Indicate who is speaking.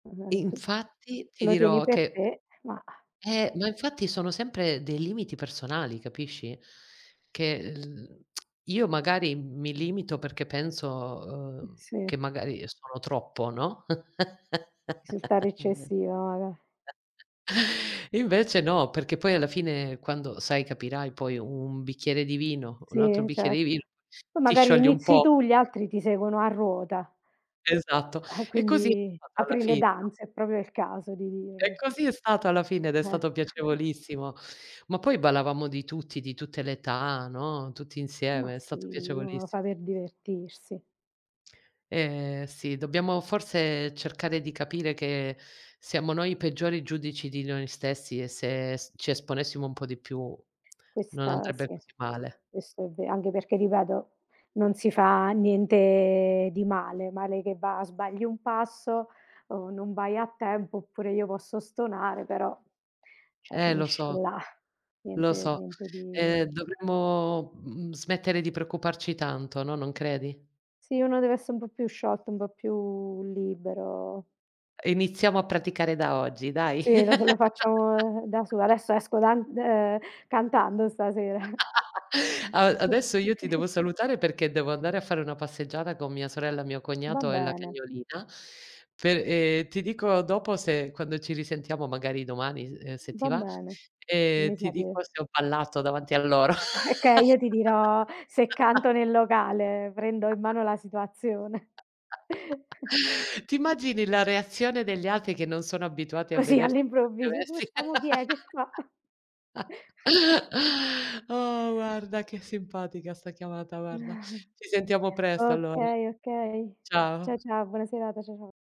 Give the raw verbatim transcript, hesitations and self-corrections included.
Speaker 1: [unintelligible]
Speaker 2: Infatti
Speaker 1: Tu
Speaker 2: ti
Speaker 1: lo tieni
Speaker 2: dirò
Speaker 1: per
Speaker 2: che
Speaker 1: te, ma
Speaker 2: Eh, ma infatti sono sempre dei limiti personali, capisci? Che l io magari mi limito perché penso,
Speaker 1: Eh
Speaker 2: uhm,
Speaker 1: sì.
Speaker 2: che magari sono troppo, no?
Speaker 1: Risultare eccessiva, magar
Speaker 2: Invece no, perché poi alla fine quando, sai, capirai poi un bicchiere di vino, un altro
Speaker 1: Sì,
Speaker 2: bicchiere di vino,
Speaker 1: certo. Poi
Speaker 2: ti
Speaker 1: magari
Speaker 2: sciogli un
Speaker 1: inizi
Speaker 2: po'.
Speaker 1: tu, gli altri ti seguono a ruota.
Speaker 2: Esatto,
Speaker 1: Eh
Speaker 2: e così è
Speaker 1: quindi
Speaker 2: stato alla
Speaker 1: apri le
Speaker 2: fine, no?
Speaker 1: danze, è propio il caso di
Speaker 2: E
Speaker 1: dirlo.
Speaker 2: così è stato alla fine ed è
Speaker 1: Eh.
Speaker 2: stato piacevolissimo. Ma poi ballavamo di tutti, di tutte le età, no, tutti
Speaker 1: Ma
Speaker 2: insieme. È
Speaker 1: sì,
Speaker 2: stato
Speaker 1: uno lo fa
Speaker 2: piacevolissim
Speaker 1: per divertirsi.
Speaker 2: Ehm, sì dobbiamo forse cercare di capire che siamo noi i peggiori giudici di noi stessi e se s ci esponessimo un po' di più non
Speaker 1: Questa
Speaker 2: andrebbe
Speaker 1: sì,
Speaker 2: così male.
Speaker 1: questo è ve anche perché ripeto, non si fa niente di male. Male che va sbagli un passo, uhm, non vai a tempo, oppure io posso stonare, però, ceh
Speaker 2: Eh lo
Speaker 1: finisce
Speaker 2: so.
Speaker 1: là.
Speaker 2: Lo
Speaker 1: Niente
Speaker 2: so.
Speaker 1: niente di
Speaker 2: Ehm, dovremmo, mhmm, smettere di preoccuparci tanto, no, non credi?
Speaker 1: Sì, uno deve esse un po' più sciolto, un po' più libero.
Speaker 2: Iniziamo a praticare da oggi, dai.
Speaker 1: Sì, lo lo faccio, ehm, da su adesso esco dan ehm, cantando stasera.
Speaker 2: A adesso io ti devo salutare, perché devo andare a fare una passeggiata con mia sorella, mio
Speaker 1: Va
Speaker 2: cognato e la
Speaker 1: bene.
Speaker 2: cagnolina per ehm, ti dico dopo se quando ci risentiamo, magari domani s se ti
Speaker 1: Va
Speaker 2: va,
Speaker 1: bene.
Speaker 2: e
Speaker 1: Mi
Speaker 2: ti dico
Speaker 1: sapere.
Speaker 2: se ho ballato davanti a loro.
Speaker 1: Okay, io ti dirò se canto nel locale, prendo in mano la situazione.
Speaker 2: Ti immagini la reazione degli altri che non sono abituati a
Speaker 1: Così
Speaker 2: vederti
Speaker 1: all'improvviso, dici: "Questa mo chi è,
Speaker 2: [unintelligible]
Speaker 1: che fa?"
Speaker 2: Oh, guarda che simpatica sta chiamata, guarda. Ci sentiamo presto, allora.
Speaker 1: Okay, okay. Ciao,
Speaker 2: Ciao.
Speaker 1: ciao, buona serata. Ciao, ciao.